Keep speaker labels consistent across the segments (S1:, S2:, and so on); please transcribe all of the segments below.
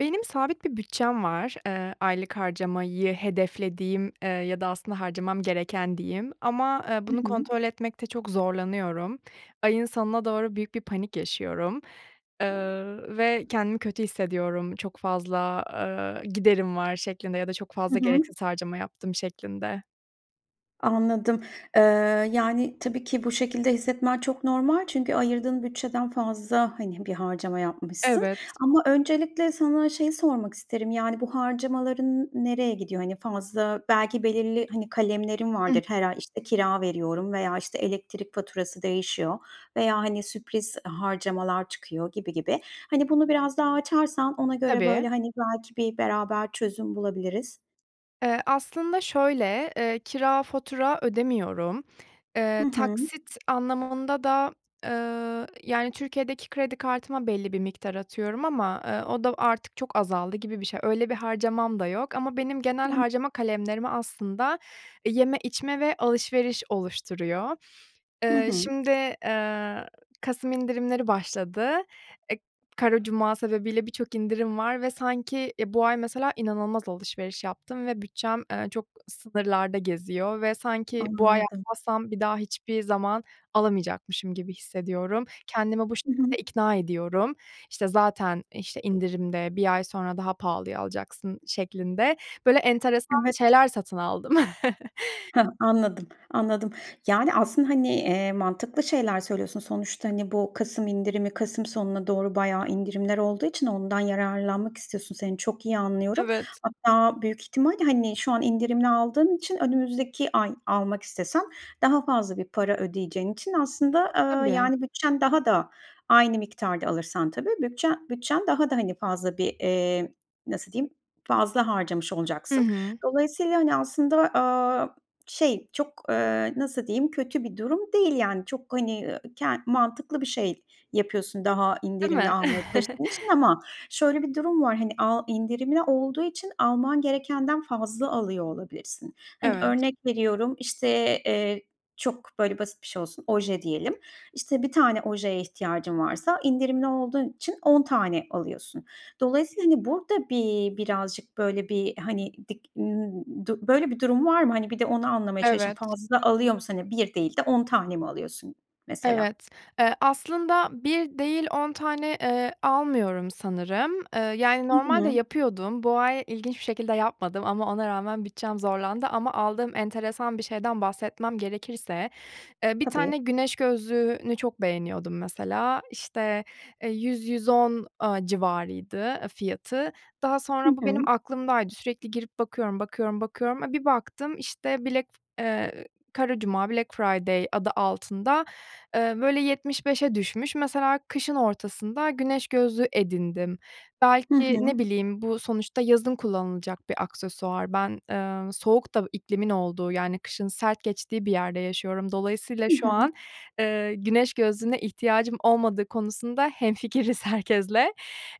S1: Benim sabit bir bütçem var. Eee, aylık harcamayı hedeflediğim, eee, ya da aslında harcamam gereken diyeyim ama, eee,
S2: Hı
S1: bunu
S2: hı.
S1: kontrol etmekte çok zorlanıyorum. Ayın sonuna doğru büyük bir panik yaşıyorum. Eee, ve kendimi kötü hissediyorum, çok fazla, eee, giderim var şeklinde ya da çok
S2: Hı
S1: fazla
S2: hı.
S1: gereksiz harcama yaptım şeklinde.
S2: Anladım. Eee, yani, tabii ki bu şekilde hissetmen çok normal çünkü ayırdığın bütçeden fazla, hani, bir harcama yapmışsın.
S1: Evet.
S2: Ama öncelikle sana şeyi sormak isterim; yani, bu harcamaların n nereye gidiyor? Hani, fazla belki belirli, hani, kalemlerin
S1: Hı.
S2: vardır her ay, işte, kira veriyorum veya, işte, elektrik faturası değişiyor veya, hani, sürpriz harcamalar çıkıyor gibi gibi. Hani, bunu biraz daha açarsan ona göre
S1: Tabii.
S2: böyle, hani, belki bir beraber çözüm bulabiliriz.
S1: Eee, aslında şöyle; eee, kira, fatura ödemiyorum.
S2: Hı
S1: Eee,
S2: hı.
S1: taksit anlamında da, eee, yani, Türkiye'deki kredi kartıma belli bir miktar atıyorum ama, eee, o da artık çok azaldı gibi bir şey. Öyle bir harcamam da yok ama benim genel
S2: [unintelligible]
S1: harcama kalemlerimi aslında, eee, yeme, içme ve alışveriş oluşturuyor.
S2: Hı
S1: Eee,
S2: hı.
S1: şimdi, eee, kasım indirimleri başladı. Eee, Kara Cuma sebebiyle birçok indirim var ve sanki, eee, bu ay mesela inanılmaz alışveriş yaptım ve bütçem, eee, çok sınırlarda geziyor ve sanki bu ay
S2: Anladım.
S1: almazsam bir daha hiçbir zaman alamayacakmışım gibi hissediyorum. Kendimi bu
S2: Hı
S1: şekilde
S2: hı.
S1: ikna ediyorum. İşte, "Zaten, işte, indirimde, 1 ay sonra daha pahalıya alacaksın" şeklinde böyle enteresan
S2: Evet.
S1: şeyler satın aldım.
S2: Hah! Anladım, anladım. Yani, aslında, hani, eee, mantıklı şeyler söylüyorsun. Sonuçta, hani, bu kasım indirimi kasım sonuna doğru bayağı indirimler olduğu için ondan yararlanmak istiyorsun, seni çok iyi anlıyorum.
S1: Evet.
S2: Hatta büyük ihtimalle, hani, şu an indirimli aldığın için önümüzdeki ay almak istesen daha fazla bir para ödeyeceğin için aslında, eee,
S1: Tabii.
S2: yani, bütçen daha da, aynı miktarda alırsan tabii, bütçen bütçen daha da, hani, fazla bir, eee, nasıl diyeyim, fazla harcamış
S1: Hı
S2: olacaksın.
S1: hı.
S2: Dolayısıyla, hani, aslında, aaa, şey çok, eee, nasıl diyeyim, kötü bir durum değil, yani. Çok, hani, eee, ke mantıklı bir şey yapıyorsun daha
S1: Değil
S2: indirimli
S1: mi?
S2: almaya çalıştığın için ama şöyle bir durum var, hani, a indirimli olduğu için alman gerekenden fazla alıyor olabilirsin. Hani,
S1: Evet.
S2: örnek veriyorum, işte, eee, çok böyle basit bir şey olsun, oje diyelim. İşte, 1 tane ojeye ihtiyacın varsa indirimli olduğun için 10 tane alıyorsun. Dolayısıyla, hani, burada bi bir birazcık böyle bir, hani, dik ımm, du böyle bir durum var mı? Hani, bir de onu anlamaya çalışalım.
S1: Evet.
S2: Fazla alıyor musun? Hani, 1 değil de 10 tane mi alıyorsun mesela?
S1: Evet. Eee, aslında 1 değil, 10 tane, eee, almıyorum sanırım. Eee, yani,
S2: Hı
S1: normalde
S2: hı.
S1: yapıyordum. Bu ay ilginç bir şekilde yapmadım ama ona rağmen bütçem zorlandı ama aldığım enteresan bir şeyden bahsetmem gerekirse, eee, bir
S2: Tabii.
S1: tane güneş gözlüğünü çok beğeniyordum mesela. İşte, eee, 100-110 aaa, civarıydı, eee, fiyatı. Daha
S2: Hı
S1: sonra bu benim
S2: hı.
S1: aklımdaydı, sürekli girip bakıyorum, bakıyorum, bakıyorum. A, bir baktım, işte, black f eee, Kara Cuma-Black Friday adı altında, eee, böyle 75'e düşmüş. Mesela kışın ortasında güneş gözlüğü edindim.
S2: Hı
S1: Belki ne
S2: hı.
S1: bileyim, bu sonuçta yazın kullanılacak bir aksesuar. Ben, eee, soğuk da iklimin olduğu, yani, kışın sert geçtiği bir yerde yaşıyorum. Dolayısıyla
S2: Hı
S1: şu
S2: hı.
S1: an, eee, güneş gözlüğüne ihtiyacım olmadığı konusunda hemfikiriz herkesle.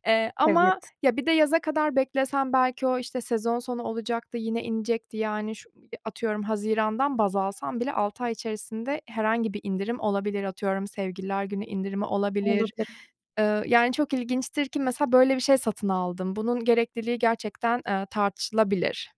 S1: Eee, ama
S2: Evet.
S1: ya bir de yaza kadar beklesem belki o, işte, sezon sonu olacaktı, yine inecekti, yani, şu i atıyorum hazirandan baz alsam bile 6 ay içerisinde herhangi bir indirim olabilir, atıyorum Sevgililer Günü indirimi olabilir.
S2: Olabilir.
S1: Eee, yani, çok ilginçtir ki mesela böyle bir şey satın aldım. Bunun gerekliliği gerçekten, eee, tartışılabilir.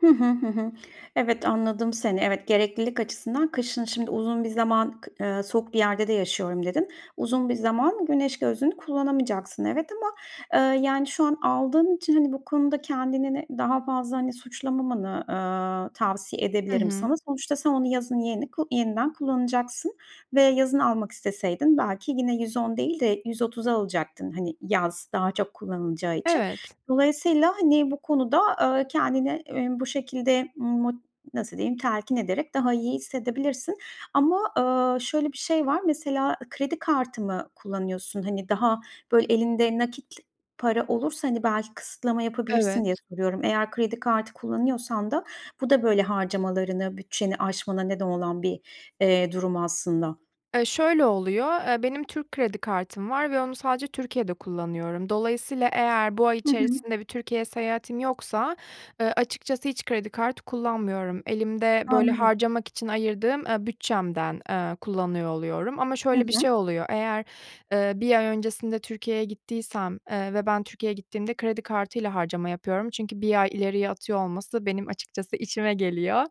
S2: Hı hı, hı hı. Evet, anladım seni. Evet, "Gereklilik açısından kışın, şimdi, uzun bir zaman kı eee, soğuk bir yerde de yaşıyorum." dedin. Uzun bir zaman güneş gözlüğünü kullanamayacaksın evet, ama, eee, yani, şu an aldığın için, hani, bu konuda kendini de daha fazla, hani, suçlamamanı, aaa, tavsiye
S1: I
S2: edebilirim
S1: hı.
S2: sana. Sonuçta sen onu yazın yeni ku yeniden kullanacaksın ve yazın almak isteseydin belki yine 110 değil de 130'a alacaktın, hani, yaz daha çok kullanılacağı için.
S1: Evet.
S2: Dolayısıyla, hani, bu konuda, aaa, kendini, emm, bu şekilde mot nasıl diyeyim, telkin ederek daha iyi hissedebilirsin ama, aaa, şöyle bir şey var. Mesela, ı kredi kartı mı kullanıyorsun? Hani, daha, böyle, elinde nakit para olursa, hani, belki kısıtlama yapabilirsin diye
S1: Evet.
S2: soruyorum. Eğer kredi kartı kullanıyorsan da bu da, böyle, harcamalarını, bütçeni aşmana neden olan bir, eee, durum aslında.
S1: Eee, şöyle oluyor, eee, benim Türk kredi kartım var ve onu sadece Türkiye'de kullanıyorum. Dolayısıyla eğer bu ay
S2: Hı hı.
S1: içerisinde bir Türkiye seyahatim yoksa, eee, açıkçası hiç kredi kartı kullanmıyorum. Elimde, böyle,
S2: Anladım.
S1: harcamak için ayırdığım, eee, bütçemden, eee, kullanıyor oluyorum. Ama
S2: Hı
S1: şöyle bir
S2: hı.
S1: şey oluyor, eğer, eee, 1 ay öncesinde Türkiye'ye gittiysem, eee, ve ben Türkiye'ye gittiğimde kredi kartıyla harcama yapıyorum çünkü 1 ay ileriye atıyor olması benim açıkçası işime geliyor.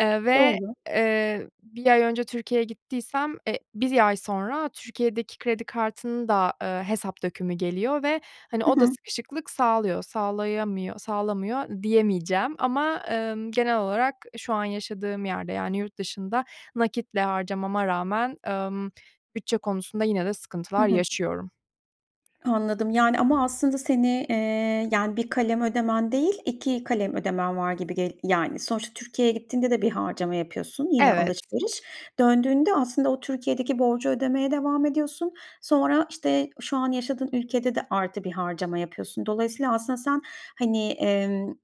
S1: Eee, ve,
S2: Doğru.
S1: eee, 1 ay önce Türkiye'ye gittiysem, e, 1 ay sonra Türkiye'deki kredi kartının da, eee, hesap dökümü geliyor ve, hani,
S2: Hı
S1: o da
S2: hı.
S1: sıkışıklık sağlıyor. Sağlayamıyor sağlamıyor diyemeyeceğim ama, emm, genel olarak, eee, şu an yaşadığım yerde, yani, yurt dışında nakitle harcamama rağmen, emm, bütçe konusunda yine de
S2: Hı
S1: sıkıntılar
S2: hı.
S1: yaşıyorum.
S2: Anladım. Yani, ama aslında seni, eee, yani, 1 kalem ödemen değil, 2 kalem ödemen var gibi gel yani, sonuçta Türkiye'ye gittiğinde de bir harcama yapıyorsun, yine
S1: Evet.
S2: alışveriş. Döndüğünde aslında o Türkiye'deki borcu ödemeye devam ediyorsun. Sonra, işte, şu an yaşadığın ülkede de artı 1 harcama yapıyorsun. Dolayısıyla aslında sen, hani, emm,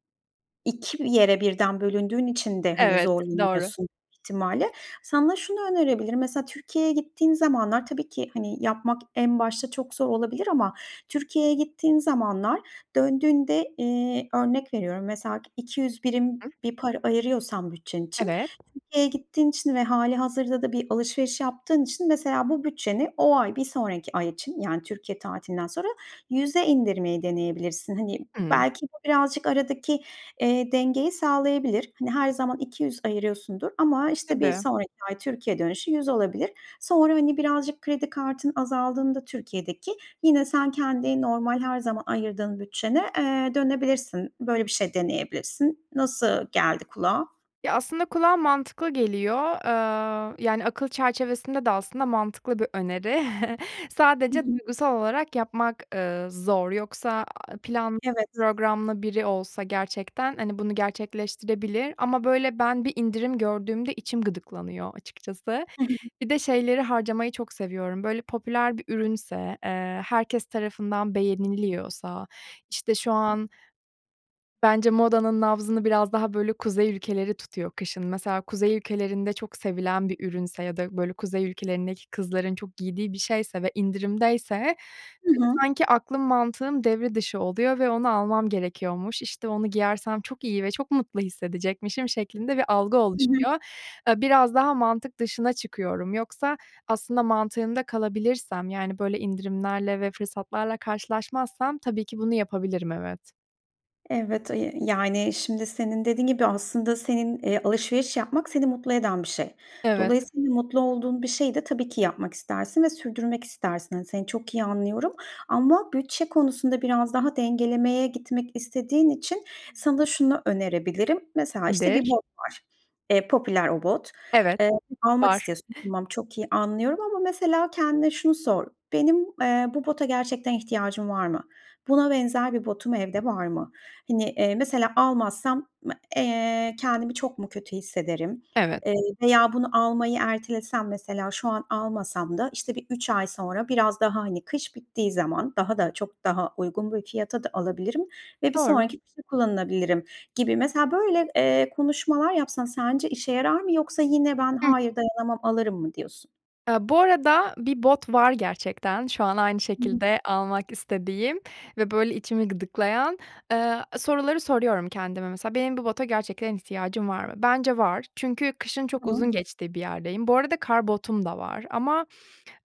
S2: 2 mi yere birden bölündüğün için de, hani,
S1: Evet, doğru.
S2: zorlanıyorsun ihtimalle. Sana şunu önerebilirim, mesela Türkiye'ye gittiğin zamanlar tabii ki, hani, yapmak en başta çok zor olabilir ama Türkiye'ye gittiğin zamanlar, döndüğünde, eee, örnek veriyorum, mesela 200
S1: Hı
S2: birim
S1: hı.
S2: bir para ayırıyorsan bütçen için,
S1: Evet.
S2: Türkiye'ye gittiğin için ve hâlihazırda da bir alışveriş yaptığın için mesela bu bütçeni o ay, bir sonraki ay için yani Türkiye tatilinden sonra 100'e indirmeyi deneyebilirsin. Hani,
S1: Hımm.
S2: belki bu birazcık aradaki, eee, dengeyi sağlayabilir. Hani, her zaman 200 ayırıyorsundur ama, işte, bir
S1: Tabii.
S2: sonraki ay Türkiye dönüşü 100 olabilir. Sonra, hani, birazcık kredi kartın azaldığında Türkiye'deki yine sen kendi normal her zaman ayırdığın bütçene, eee, dönebilirsin. Böyle bir şey deneyebilirsin. Nasıl geldi kulağa?
S1: Ya, aslında kulağa mantıklı geliyor. Aaa, yani, akıl çerçevesinde de, aslında, mantıklı bir öneri.
S2: Hı
S1: Sadece
S2: hı.
S1: duygusal olarak yapmak, ııı, zor yoksa, aaa, planlı,
S2: Evet.
S1: programlı biri olsa gerçekten, hani, bunu gerçekleştirebilir. Ama, böyle, ben bir indirim gördüğümde içim gıdıklanıyor açıkçası.
S2: Hı hı hı.
S1: Bir de şeyleri harcamayı çok seviyorum, böyle, popüler bir ürünse, eee, herkes tarafından beğeniliyorsa, işte, şu an bence modanın nabzını biraz daha, böyle, Kuzey ülkeleri tutuyor kışın. Mesela Kuzey ülkelerinde çok sevilen bir ürünse ya da böyle Kuzey ülkelerindeki kızların çok giydiği bir şeyse ve indirimdeyse
S2: Hı hı.
S1: sanki aklım, mantığım devre dışı oluyor ve onu almam gerekiyormuş, işte, onu giyersem çok iyi ve çok mutlu hissedecekmişim şeklinde bir algı
S2: Hı hı.
S1: oluşuyor. Eee, biraz daha mantık dışına çıkıyorum. Yoksa aslında mantığında kalabilirsem yani böyle indirimlerle ve fırsatlarla karşılaşmazsam tabii ki bunu yapabilirim, evet.
S2: Evet, ı yi yani, şimdi, senin dediğin gibi, aslında, senin eee, alışveriş yapmak seni mutlu eden bir şey.
S1: Evet.
S2: Dolayısıyla mutlu olduğun bir şeyi de, tabii ki, yapmak istersin ve sürdürmek istersin. Hani, seni çok iyi anlıyorum ama bütçe konusunda biraz daha dengelemeye gitmek istediğin için sana şunu önerebilirim. Mesela, işte, bir
S1: Nedir?
S2: bot var, eee, popüler o bot.
S1: Evet,
S2: Eee, almak
S1: var.
S2: istiyorsun. Tamam, çok iyi anlıyorum ama, mesela, kendine şunu sor: "Benim, eee, bu bota gerçekten ihtiyacım var mı? Buna benzer bir botum evde var mı? Hani, eee, mesela, almazsam, m eee, kendimi çok mu kötü hissederim,
S1: Evet.
S2: eee, veya bunu almayı ertelesem, mesela, şu an almasam da, işte, bir 3 ay sonra biraz daha, hani, kış bittiği zaman daha da çok daha uygun bir fiyata da alabilirim ve bir
S1: Doğru.
S2: sonraki kışa kullanılabilirim." gibi, mesela, böyle, eee, konuşmalar yapsan sence işe yarar mı yoksa yine, "Ben,
S1: Hıh.
S2: hayır, dayanamam, alırım." mı diyorsun?
S1: Eee, bu arada bir bot var gerçekten, şu an aynı
S2: [unintelligible]
S1: şekilde almak istediğim ve, böyle, içimi gıdıklayan, eee, soruları soruyorum kendime. Mesela, benim bu bota gerçekten ihtiyacım var mı? Bence var çünkü kışın çok
S2: Tamam.
S1: uzun geçtiği bir yerdeyim. Bu arada kar botum da var ama,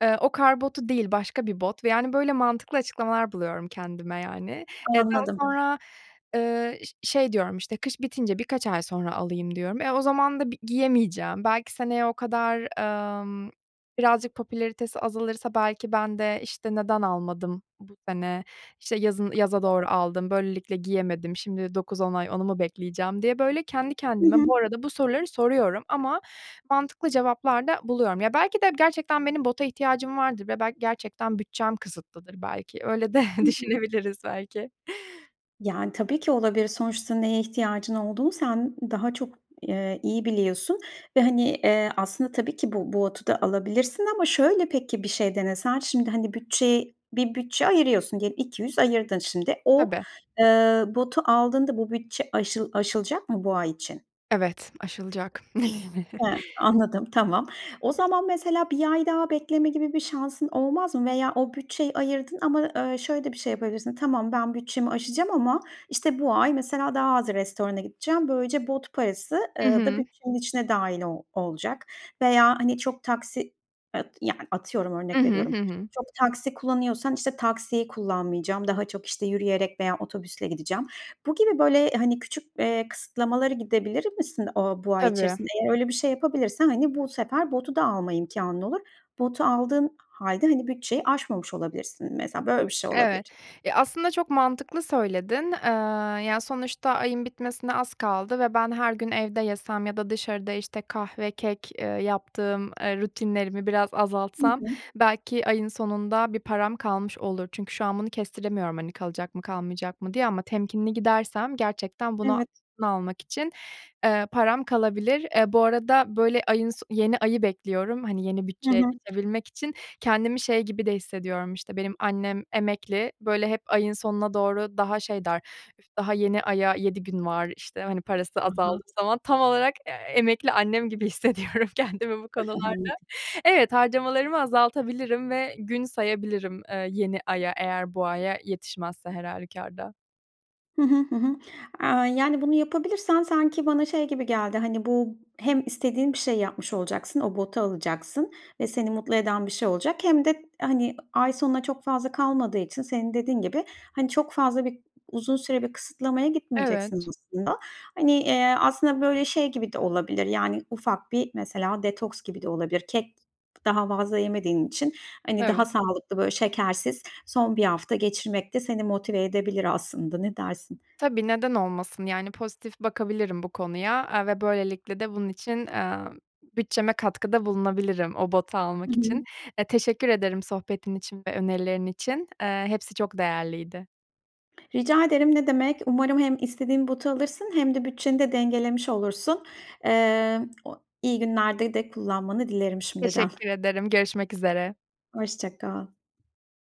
S1: eee, o kar botu değil başka bir bot ve, yani, böyle, mantıklı açıklamalar buluyorum kendime, yani. Eee, daha
S2: Anladım.
S1: sonra, eee, ş şey diyorum, işte, kış bitince birkaç ay sonra alayım diyorum. E, o zaman da bi giyemeyeceğim, belki seneye o kadar, emm, birazcık popülaritesi azalırsa, belki, ben de, işte, "Neden almadım bu sene, işte, yazın yaza
S2: Anladım.
S1: doğru aldım, böylelikle giyemedim, şimdi 9-10 ay onu mu bekleyeceğim?" diye, böyle, kendi
S2: Hı
S1: kendime
S2: hı.
S1: bu arada bu soruları soruyorum ama mantıklı cevaplar da buluyorum. Ya, belki de gerçekten benim bota ihtiyacım vardır ve, belki, gerçekten bütçem kısıtlıdır, belki. Öyle de
S2: Hı hı.
S1: düşünebiliriz, belki.
S2: Yani, tabii ki olabilir. Sonuçta neye ihtiyacın olduğunu sen daha çok, eee, iyi biliyorsun ve, hani, eee, aslında tabii ki bu bu botu da alabilirsin ama şöyle, peki, bir şey denesen? Şimdi, hani, bütçey bir bütçe ayırıyorsun, ge 200 ayırdın şimdi. O,
S1: Tabii.
S2: eee, botu aldığında bu bütçe aşıl aşılacak mı bu ay için?
S1: Evet, aşılacak.
S2: He anladım, tamam. O zaman mesela 1 ay daha bekleme gibi bir şansın olmaz mı? Veya o bütçeyi ayırdın ama, eee, şöyle de bir şey yapabilirsin. Tamam, ben bütçemi aşacağım ama, işte, bu ay mesela daha az restorana gideceğim. Böylece bot parası,
S1: Hı
S2: eee, da
S1: hı.
S2: bütçenin içine dahil o olacak. Veya, hani, çok taksi e yani, atıyorum
S1: Hı
S2: örnek
S1: hı. Hı
S2: veriyorum,
S1: hı.
S2: çok taksi kullanıyorsan, işte, taksiyi kullanmayacağım, daha çok, işte, yürüyerek veya otobüsle gideceğim. Bu gibi böyle, hani, küçük, eee, kısıtlamalara gidebilir misin o bu ay
S1: Tabii.
S2: içerisinde? Eğer öyle bir şey yapabilirsen, hani, bu sefer botu da alma imkânın olur. Botu aldığın hâlde, hani, bütçeyi aşmamış olabilirsin mesela böyle bir şey olabilir.
S1: Evet. Ya aslında, çok mantıklı söyledin. Eee, ya, sonuçta ayın bitmesine az kaldı ve ben her gün evde yesem ya da dışarıda, işte, kahve, kek, eee, yaptığım, eee, rutinlerimi biraz
S2: Hı
S1: azaltsam
S2: hı.
S1: belki ayın sonunda bir param kalmış olur. Çünkü şu an bunu kestiremiyorum, hani, kalacak mı, kalmayacak mı diye ama temkinli gidersem gerçekten buna
S2: Evet.
S1: bunu almak için, eee, param kalabilir. Eee, bu arada, böyle, ayın so yeni ayı bekliyorum, hani, yeni
S2: Hı
S1: bütçeye
S2: hı.
S1: geçebilmek için. Kendimi şey gibi de hissediyorum, işte, benim annem emekli. Böyle, hep ayın sonuna doğru daha şey der, "Üf! Daha yeni aya 7 gün var" işte, hani, parası
S2: Hı
S1: azaldığı
S2: hı.
S1: zaman. Tam olarak, eee, emekli annem gibi hissediyorum kendimi bu
S2: [unintelligible]
S1: konularda.
S2: Anladım.
S1: Evet, harcamalarımı azaltabilirim ve gün sayabilirim, eee, yeni aya eğer bu aya yetişmezse her hâlükârda.
S2: Hı hı. Hı hı. Aaa, yani, bunu yapabilirsen sanki bana şey gibi geldi, hani, bu hem istediğin bir şeyi yapmış olacaksın, o botu alacaksın ve seni mutlu eden bir şey olacak hem de, hani, ay sonuna çok fazla kalmadığı için senin dediğin gibi, hani, çok fazla bi uzun süre bir kısıtlamaya gitmeyeceksin
S1: Evet.
S2: aslında. Hani, eee, aslında böyle şey gibi de olabilir, yani, ufak bir mesela detoks gibi de olabilir. Kek daha fazla yemediğin için, hani, daha
S1: Evet.
S2: sağlıklı, böyle, şekersiz son 1 hafta geçirmek de seni motive edebilir aslında, ne dersin?
S1: Tabii, neden olmasın, yani, pozitif bakabilirim bu konuya. Eee, ve böylelikle de bunun için, eee, bütçeme katkıda bulunabilirim o botu
S2: Hı
S1: almak için.
S2: hı.
S1: Eee, teşekkür ederim sohbetin için ve önerilerin için. Eee, hepsi çok değerliydi.
S2: Rica ederim, ne demek. Umarım hem istediğin botu alırsın hem de bütçeni de dengelemiş olursun. Eee, iyi günlerde de kullanmanı dilerim şimdiden.
S1: Teşekkür ederim, görüşmek üzere.
S2: Hoşça kal.